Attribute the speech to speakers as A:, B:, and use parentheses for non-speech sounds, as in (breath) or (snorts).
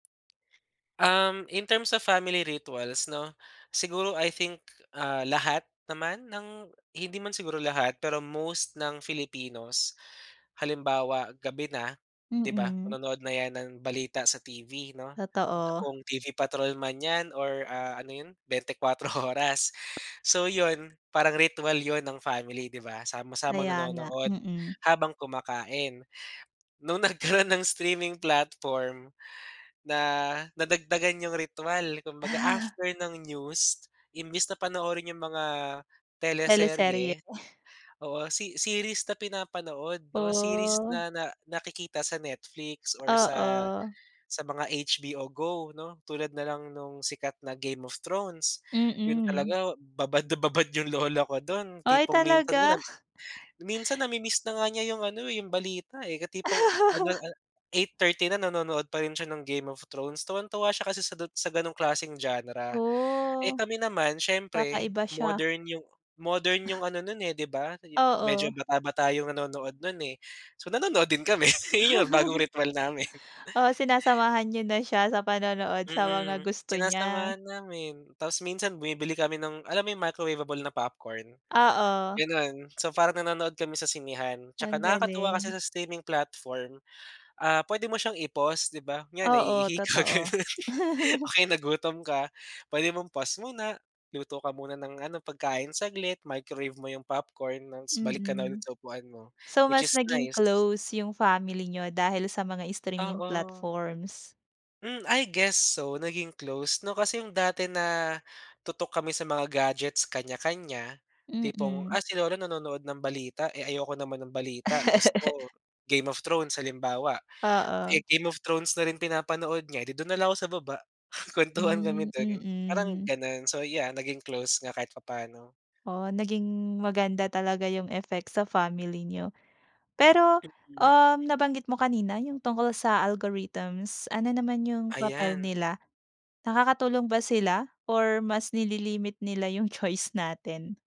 A: Um, in terms of family rituals, 'no? Siguro I think, ah, lahat naman ng hindi man siguro lahat pero most ng Filipinos, halimbawa, gabi na, 'di ba?
B: Mm.
A: Manonood na 'yan ng balita sa TV, 'no?
B: Totoo.
A: Kung TV Patrol man yan or, ah, ano yun 24 Oras. So, yun, parang ritwal yun ng family, 'di ba, sama-samang
B: Kaya nga,
A: nanonood
B: mm.
A: habang kumakain. Nung nagkaroon ng streaming platform, na nadagdagan yung ritwal kumbaga
B: Ah.
A: after ng news, imbes na panoorin yung mga
B: Teleserye.
A: teleserye oo, se series na pinapanood, 'no? Series
B: Oh.
A: na na nakikita sa Netflix or sa
B: Oo.
A: sa mga HBO Go, 'no? Tulad na lang nung sikat na "Game of Thrones." Yun
B: Mm.
A: talaga babad na babad yung lola ko dun.
B: Ay,
A: Tipong minsan nga
B: talaga.
A: nag minsan na-mi-miss na nga niya yung ano, eh, yung balita, eh, tipong ano,
B: (laughs)
A: ah, 8:30 na nanonood pa rin siya ng "Game of Thrones." Tuwang-tuwa siya kasi sa dut sa ganong klaseng genre. Eh,
B: Oh,
A: kami naman siyempre
B: kakaiba siya.
A: modern yung modern yung ano nun, eh, 'di ba, sa jo medyo
B: Oo.
A: bata-bata yung nanonood nun, eh. So, nanonood din kami iyon bagong ritwal namin. (snorts)
B: (chuckles) Oh,
A: (breath)
B: sinasamahan niyo na siya sa panonood sa mga
A: Mm,
B: gusto niya.
A: sinasamahan namin. Tapos minsan bumibili kami ng alam mo yung microwaveable na popcorn,
B: Oo.
A: ganun. So, parang nanonood kami sa sinehan.
B: Ang
A: Tsaka nakakatuwa kasi
B: galing.
A: sa streaming platform, ah, pwede mo siyang i-pause, 'di ba, yan
B: Oo,
A: naiihi ka
B: totoo.
A: ganun, o
B: (chuckles)
A: kaya nagutom ka, pwede mong pause muna, luto ka muna ng ano pagkain saglit. Microwave mo yung popcorn ng s balik ka na ulit
B: Mm.
A: sa upuan mo,
B: So,
A: which
B: mas
A: is
B: naging
A: nice.
B: close yung family niyo dahil sa mga streaming
A: Oo.
B: platforms.
A: Hmm. I guess so naging close, 'no, kasi yung dati na tutok kami sa mga gadgets kanya-kanya, tipong, ah,
B: Mm.
A: si lola nanonood ng balita, eh, ayoko naman ng balita, gusto ko
B: (laughs)
A: Game of Thrones, halimbawa. Eh,
B: Oo.
A: Game of Thrones na rin pinapanood niya, edi dun na lang ako sa baba, (snorts) kuwentuhan kami
B: Hmm,
A: dun, parang
B: mm.
A: ganun. So, yeah, naging close nga kahit papaano.
B: Oh, naging maganda talaga yung effect sa family niyo. Pero,
A: Mm.
B: um, nabanggit mo kanina yung tungkol sa algorithms. Ano naman yung papel
A: Ayan.
B: nila? Nakakatulong ba sila or mas nililimit nila yung choice natin?